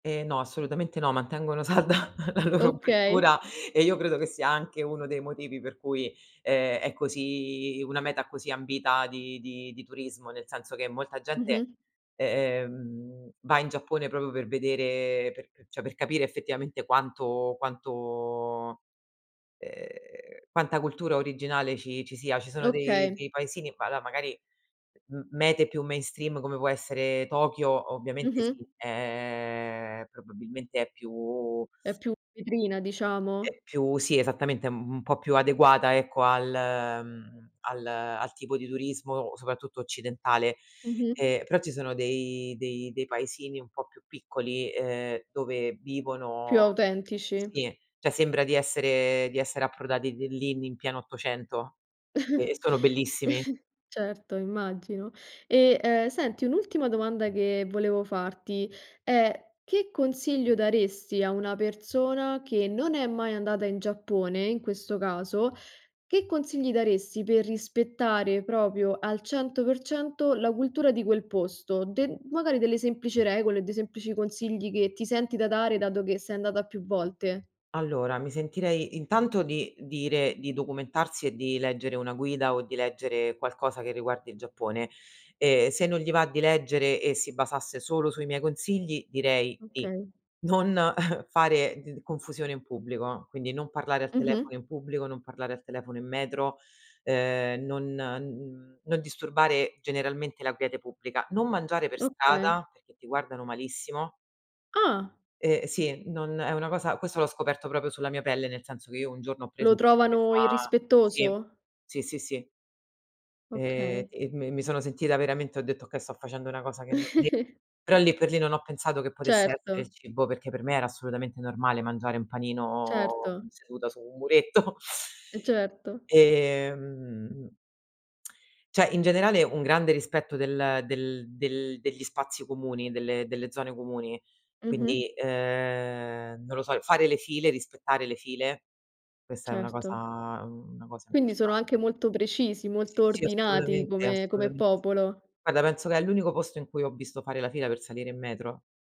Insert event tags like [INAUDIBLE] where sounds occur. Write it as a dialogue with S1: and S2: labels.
S1: Eh no, assolutamente no, mantengono salda la loro
S2: Okay.
S1: cultura e io credo che sia anche uno dei motivi per cui è è così una meta così ambita di di di turismo, nel senso che molta gente,
S2: Mh-mh.
S1: e ehm, va in Giappone proprio per vedere per pe cioè, per capire effettivamente quanto quanto ehm, quanta cultura originale ci ci sia. Ci sono dei
S2: Okay.
S1: dei paesini, va la magari m mete più mainstream come può essere Tokyo, ovviamente
S2: Mh-mh.
S1: sì, ehm probabilmente è più
S2: È più vetrina diciamo.
S1: è più sì, esattamente, mhmm, un po' più adeguata, ecco, al mhmm, al al tipo di turismo, soprattutto occidentale.
S2: Mh-mh.
S1: Ehm, però ci sono dei dei dei paesini un po' più piccoli ehm, dove
S2: Più
S1: vivono
S2: autentici.
S1: sì, cioè sembra di essere di essere approdati de lì in pieno '800. E
S2: [CHUCKLES]
S1: sono bellissimi.
S2: Certo, immagino. E, ehm, senti, un'ultima domanda che volevo farti è, che consiglio daresti a una persona che non è mai andata in Giappone, in questo caso, che consigli daresti per rispettare proprio al 100% la cultura di quel posto? De magari delle semplici regole, dei semplici consigli che ti senti da dare, dato che sei andata più volte.
S1: Allora, mi sentirei intanto di dire di documentarsi e di leggere una guida o di leggere qualcosa che riguardi il Giappone. E se non gli va di leggere e si basasse solo sui miei consigli, direi di,
S2: Okay.
S1: non fare d confusione in pubblico, quindi non parlare al
S2: Mh-mh.
S1: telefono in pubblico, non parlare al telefono in metro, ehm, non n non disturbare generalmente la quiete pubblica, non mangiare per
S2: Okay.
S1: strada perché ti guardano malissimo.
S2: Ah.
S1: Eh sì, non è una cosa questo l'ho scoperto proprio sulla mia pelle, nel senso che io un giorno ho preso
S2: Lo
S1: [UNINTELLIGIBLE] che
S2: trovano
S1: fa sì,
S2: irrispettoso.
S1: sì, sì, sì. Ehm,
S2: Okay.
S1: e m mi sono sentita veramente, ho detto: "okay, sto facendo una cosa che non de"
S2: [CHUCKLES]
S1: però lì per lì non ho pensato che potesse essere il
S2: Certo.
S1: cibo, perché per me era assolutamente normale mangiare un panino
S2: Certo.
S1: seduta su un muretto. [CHUCKLES]
S2: Eh certo.
S1: Ehm [CLICKS TONGUE] cioè, in generale un grande rispetto del del del degli spazi comuni, delle delle zone comuni.
S2: Mh-mh.
S1: Quindi, ehm non lo so, fare le file, rispettare le file, questa è una cosa
S2: Certo.
S1: una cosa
S2: Quindi sono anche
S1: importante.
S2: molto precisi,
S1: Sì,
S2: molto
S1: sì,
S2: ordinati
S1: assolutamente,
S2: come come
S1: assolutamente sì.
S2: popolo.
S1: Guarda, penso che è l'unico posto in cui ho visto fare la fila per salire in metro.